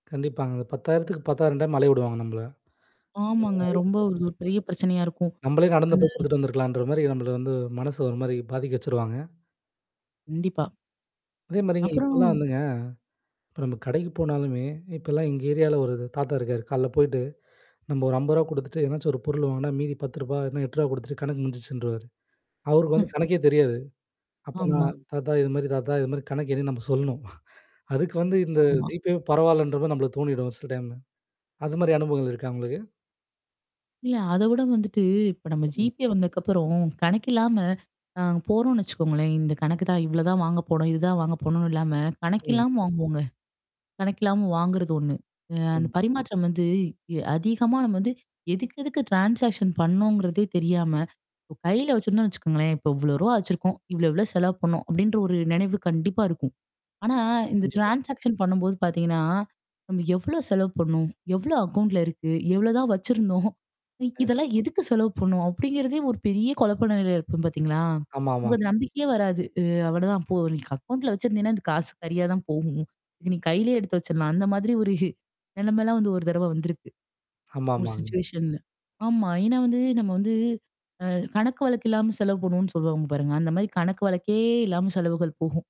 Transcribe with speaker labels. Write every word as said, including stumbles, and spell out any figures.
Speaker 1: கண்டிப்பாங்க. இந்த பத்தாயிரம் பத்தாயிரம் டைம் அலைய விடுவாங்க நம்பள. ஆ
Speaker 2: ஆமாங்க. ரொம்ப
Speaker 1: அதுக்கப்புறம்.
Speaker 2: ஒரு பெரிய பிரச்சனையா இருக்கும்.
Speaker 1: நம்மளே நடந்து போய்
Speaker 2: ம்.
Speaker 1: குடுத்துட்டு வந்துருக்கலான்ற மாரி நம்பள வந்து மனசு ஒரு மாரி பாதிக்க வச்சுருவாங்க.
Speaker 2: கண்டிப்பா.
Speaker 1: அதே மாரிங்க
Speaker 2: அப்றம்
Speaker 1: இப்பலாம் வந்துங்க, இப்ப நம்ம கடைக்கு போனாலுமே, இப்பல்லாம் எங்க ஏரியால ஒரு தாத்தா இருக்காரு. கால்ல போயிட்டு, நம்ப ஒரு அம்பது ரூவா குடுத்துட்டு எதனாச்சும் ஒரு பொருள் வாங்குனா, மீதி பத்து ரூவா இல்லன்னா எட்டு ரூவா குடுத்துட்டு கணக்கு முடிஞ்சுருச்சுன்றுவாரு. அவருக்கு வந்து
Speaker 2: [unintelligible]
Speaker 1: கணக்கே தெரியாது. அப்ப
Speaker 2: ஆமா.
Speaker 1: நான் தாத்தா இது மாரி தாத்தா. இது மாரி கணக்கு என்னினு நம்ப சொல்லணும். அதுக்கு வந்து இந்த
Speaker 2: ஆமா.
Speaker 1: GPayவே பரவால்லன்ற மாரி நம்மள தோணிடும் சில டைம்ல. அது மாரி அனுபவங்கள் இருக்கா? உங்களுக்கு?
Speaker 2: இல்ல. அத விட வந்துட்டு இப்ப நம்ம
Speaker 1: ம்.
Speaker 2: GPay வந்ததுக்கப்புறம் கணக்கு இல்லாம அ போறோம்னு வச்சுக்கோங்களேன். இந்த கணக்கு தான் இவ்வளோ தான் வாங்க போனும். இதுதான் வாங்க போணும்னு இல்லாம கணக்கு
Speaker 1: ம்.
Speaker 2: இல்லாம வாங்குவோங்க. கணக்கில்லாம வாங்குறது ஒண்ணு. அ அந்த
Speaker 1: ம்.
Speaker 2: பரிமாற்றம் வந்து இ அதிகமா நம்ம வந்து எதுக்கெதுக்கு ட்ரான்சாக்ஷன் பண்ணோங்கிறதே தெரியாம, இ கையில வச்சுருந்தோன்னு வச்சக்கோங்களேன், இப்ப இவ்ளோ ரூவா வச்சுருக்கோம். இவ்வளோ இவ்வளோ செலவு பண்ணோம் அப்டின்ற ஒரு நெனைவு கண்டிப்பா இருக்கும். ஆனா இந்த
Speaker 1: கண்டிப்பா.
Speaker 2: ட்ரான்சாக்ஷன் பண்ணும்போது பார்த்தீங்கன்னா, நம்ம எவ்ளோ செலவு பண்ணோம்? எவ்ளோ அக்கவுண்ட்ல இருக்கு? எவ்ளோதான் வச்சிருந்தோம்?
Speaker 1: ஆ.
Speaker 2: இதெல்லாம் எதுக்கு செலவு பண்ணும்? அப்டிங்கிறதே ஒரு பெரிய குழப்ப நெலையில இருக்கும் பார்த்தீங்களா? உங்க
Speaker 1: ஆமாமாங்க.
Speaker 2: நம்பிக்கையே வராது. அ அவ்ளோதான் போ நீக்கு அக்கவுண்ட்ல வச்சிருந்தீங்கன்னா, அது காசு கரியா தான் போகும். இதுக்கு நீ கையிலேயே எடுத்து வச்சரலாம். அந்த மாதிரி ஒரு நெலமைல்லாம் வந்து ஒரு தடவ வந்திருக்கு. ஒரு
Speaker 1: ஆமாமாங்க.
Speaker 2: சிச்சுவேஷன்ல ஆமா. ஏன்னா வந்து நம்ம வந்து அ கணக்கு வழக்கு இல்லாம செலவு போணும்னு சொல்லுவாங்க பாருங்க. அந்த மாரி கணக்கு வழக்கே இல்லாம செலவுகள் போகும்.